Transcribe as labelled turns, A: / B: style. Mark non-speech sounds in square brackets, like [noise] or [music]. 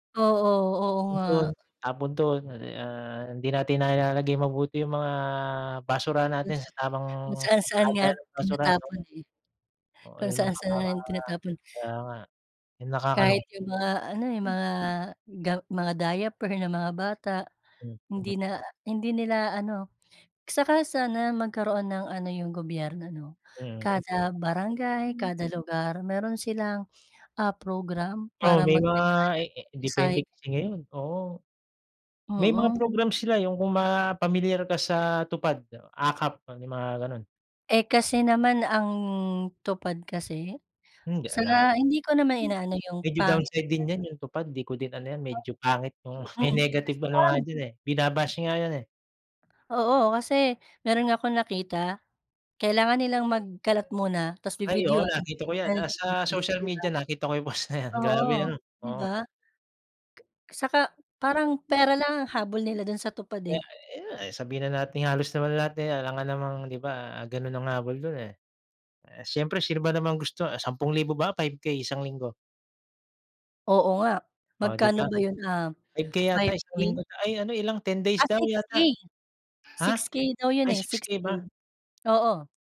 A: Oo, oo
B: Bukod dun,
A: nga.
B: tapon dun, eh, di, ah, hindi natin nailalagay mabuti 'yung mga basurahan
A: Kung
B: natin
A: saan
B: sa tamang
A: kung saan-saan nga
B: lagayan ng basurahan.
A: tinatapon, eh.
B: Oo
A: Kung
B: 'yung mga,
A: saan-saan na nga tinatapon.
B: kaya nga 'yung
A: Kahit
B: nakakalungkot.
A: 'yung mga ano 'yung, mga ga mga diaper ng mga bata,
B: Mm.
A: hindi na hindi nila ano, saka sana magkaroon ng ano yung gobyerno 'no,
B: Mm.
A: kada barangay,
B: Hmm.
A: kada lugar, meron silang a program
B: Oo,
A: para
B: may mga,
A: mag-recy
B: eh, eh,
A: mag-recycle.
B: depende kasi ngayon, oo. May mga
A: Mm.
B: programs sila, 'yung kung mga pamilyar ka sa TUPAD, AKAP, 'yung mga ganun.
A: Eh, kasi naman ang TUPAD kasi,
B: Hindi
A: sa
B: alam,
A: hindi ko naman inaano yung
B: medyo
A: pangit na
B: downside din 'yan
A: ganun.
B: 'yung TUPAD di ko din ano 'yan, medyo pangit 'yung
A: O,
B: may
A: mm,
B: negative
A: kasi
B: ano nga
A: parang
B: diyan, eh, binabash nga 'yan, eh.
A: Oo, kasi meron nga akong nakita, kailangan nilang magkalat muna tas
B: Ay oo
A: bibidyuhan
B: nakita ko yan,
A: kunyari
B: ah, sa
A: naglinis
B: social
A: sila.
B: media nakita ko post na 'yan, grabe
A: Oo,
B: ano,
A: 'di
B: oo.
A: ba? Saka parang pera lang ang
B: [unintelligible]
A: habol nila dun sa TUPAD,
B: Eh,
A: eh.
B: ayan, eh, sabihin na natin halos naman lahat, eh, alangan namang di ba ganun ang habol dun, eh, eh, siyempre sino ba namang gusto, 10,000 ba, 5K isang linggo?
A: Oo nga,
B: Oh 'di
A: magkano
B: ba?
A: ba 'yun um,
B: 5K yata
A: five
B: isang
A: K?
B: linggo, ay ano ilang 10 days
A: Ah
B: daw
A: six
B: yata,
A: K,
B: ha?
A: 6K daw 'yon,
B: Ay
A: eh,
B: six
A: six
B: K ba?
A: K, oo.